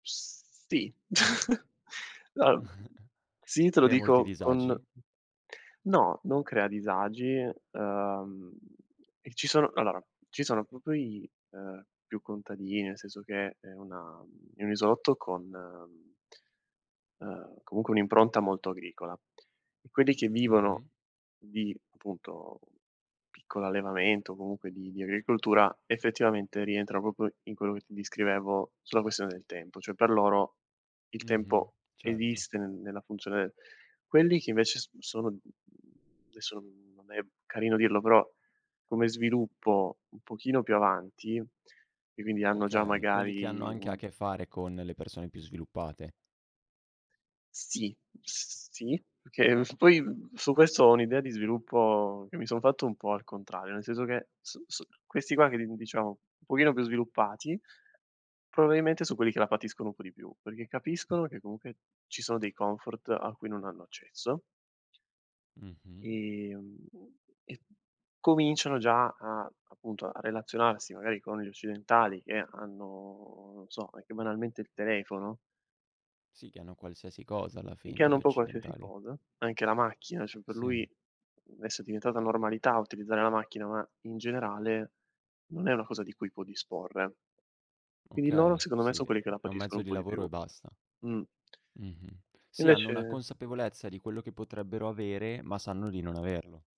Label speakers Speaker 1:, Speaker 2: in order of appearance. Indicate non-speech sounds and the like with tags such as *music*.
Speaker 1: P sì, *chuckles* no, mhmm,
Speaker 2: *chuckles*
Speaker 1: sì, te lo
Speaker 2: Crea molti
Speaker 1: dico con
Speaker 2: disagi?
Speaker 1: no, non crea disagi, ehm, e ci sono allora, ci sono proprio i, ehm, più contadini, nel senso che è una è un isolotto con ehm, comunque un'impronta molto agricola. Quelli che
Speaker 2: Mh-mh.
Speaker 1: vivono di appunto piccolo allevamento o comunque di di agricoltura effettivamente rientrano proprio in quello che ti descrivevo sulla questione del tempo. Cioè per loro il
Speaker 2: Mh-mh,
Speaker 1: tempo
Speaker 2: certo.
Speaker 1: esiste nel nella funzione quelli che invece s sono, mhmm, adesso non non è carino dirlo, però come sviluppo un pochino più avanti e quindi hanno già
Speaker 2: Okay, quelli che hanno
Speaker 1: magari
Speaker 2: anche a
Speaker 1: un
Speaker 2: che fare con le persone più sviluppate.
Speaker 1: Sì, sì, perché poi su questo ho un'idea di sviluppo che mi son fatto un po' al contrario, nel senso che su su questi qua che, diciamo, un pochino più sviluppati, probabilmente sono quelli che la patiscono un po' di più, perché capiscono che comunque ci sono dei comfort a cui non hanno accesso
Speaker 2: Mh-mh.
Speaker 1: ehm, e cominciano già a, appunto, a relazionarsi magari con gli occidentali che hanno, non so, anche banalmente il telefono.
Speaker 2: Sì, che hanno qualsiasi cosa alla
Speaker 1: Che
Speaker 2: fine,
Speaker 1: hanno
Speaker 2: gli
Speaker 1: un po' qualsiasi
Speaker 2: occidentali.
Speaker 1: cosa, anche la macchina, cioè per
Speaker 2: Sì.
Speaker 1: lui adesso è diventata normalità utilizzare la macchina, ma in generale non è una cosa di cui può disporre. Quindi loro
Speaker 2: Okay,
Speaker 1: secondo me
Speaker 2: sì,
Speaker 1: sono quelli che la
Speaker 2: è un
Speaker 1: patiscono
Speaker 2: mezzo
Speaker 1: un
Speaker 2: di
Speaker 1: po' di
Speaker 2: lavoro
Speaker 1: più.
Speaker 2: e basta.
Speaker 1: Mh.
Speaker 2: Mh-mh, sì, hanno una
Speaker 1: Invece
Speaker 2: consapevolezza di quello che potrebbero avere, ma sanno di non averlo.